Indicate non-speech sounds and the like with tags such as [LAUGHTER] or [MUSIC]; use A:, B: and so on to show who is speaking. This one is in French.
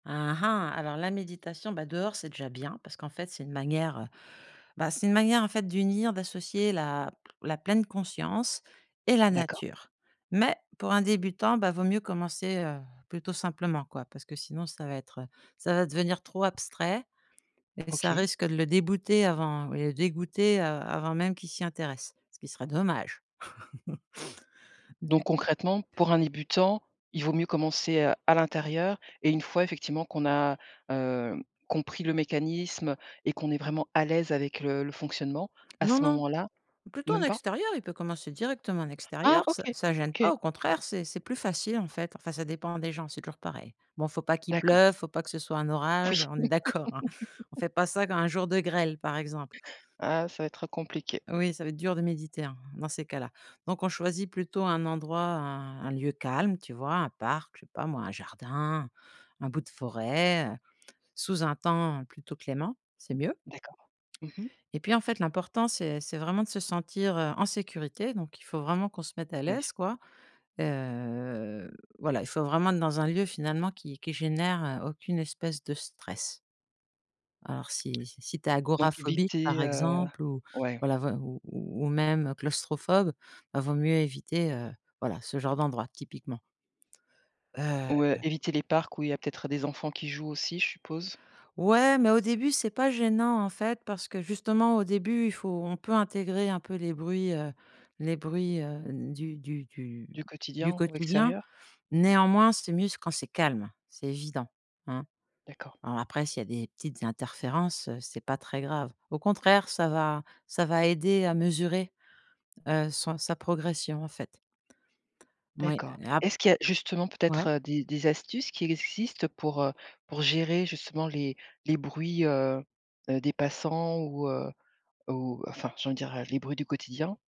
A: Ah ah! Alors la méditation, bah, dehors, c'est déjà bien, parce qu'en fait, c'est une manière, bah, c'est une manière, en fait, d'unir d'associer la la pleine conscience et la
B: D'accord.
A: nature. Mais pour un débutant, bah, vaut mieux commencer, heu, plutôt simplement, quoi. Parce que sinon, ça va être, heu, ça va devenir trop abstrait et ça
B: OK.
A: risque de le déboûter avant ouais, le dégoûter, heu, avant même qu'il s'y intéresse, ce qui serait dommage. [CHUCKLES]
B: Donc
A: Du coup
B: concrètement, pour un débutant, il vaut mieux commencer à l'intérieur et une fois, effectivement, qu'on a, heu, compris le mécanisme et qu'on est vraiment à l'aise avec le le fonctionnement, à
A: Non
B: ce
A: non,
B: moment-là?
A: plutôt en
B: Même pas?
A: extérieur, il peut commencer directement en
B: Ah!
A: extérieur, ça
B: OK,
A: ça gêne pas,
B: OK.
A: au contraire, c'est c'est plus facile, en fait. Enfin, ça dépend des gens, c'est toujours pareil. Bon, il faut pas qu'il
B: D'accord.
A: pleuve, il faut pas que ce soit un
B: Oui.
A: orage, on est d'accord, hein. On ne
B: [CHUCKLES]
A: fait pas ça quand il y a un jour de grêle, par exemple.
B: Ah, ça va être, heu, compliqué.
A: Oui, ça va être dur de méditer, hein, dans ces cas-là. Donc on choisit plutôt un endroit un un lieu calme, tu vois? Un parc, je sais pas moi, un jardin, un bout de forêt, heu, sous un temps plutôt clément, c'est mieux
B: D'accord. Mmh mh.
A: et puis, en fait, l'important c'est c'est vraiment de se sentir, heu, en sécurité. Donc il faut vraiment qu'on se mette à
B: Oui.
A: l'aise, quoi, heu, voilà, il faut vraiment être dans un lieu finalement qui qui génère, heu, aucune espèce de stress alors si si si tu es
B: Donc
A: agora phobique, par
B: évitez, heu
A: exemple ou,
B: ouais.
A: voilà, ou ou même, heu, claustrophobe, bah, il vaut mieux éviter, heu, voilà ce genre d'endroit typiquement
B: Ou, heu,
A: heu
B: évitez les parcs où il y peut-être des enfants qui jouent aussi, je suppose.
A: Ouais, mais au début, c'est pas gênant, en fait, parce que justement, au début, il faut on peut intégrer un peu les bruits, heu, les bruits, heu, du du du
B: Du
A: du
B: quotidien ou
A: quotidien.
B: extérieur. Mmh mh.
A: Néanmoins, c'est mieux quand c'est calme, c'est évident. Hein?
B: D'accord.
A: Alors après, s'il y a des petites interférences, heu, c'est pas très grave. Au contraire, ça va ça va aider à mesurer, heu, son sa progression, en fait moui,
B: D'accord.
A: et ap
B: Est-ce qu'il y a justement peut-être,
A: Ouais.
B: heu, des des astuces qui existent pour, heu, pour gérer justement les les bruits, heu heu, des passants ou heu, ou enfin j'allais dire: «Les bruits du quotidien?»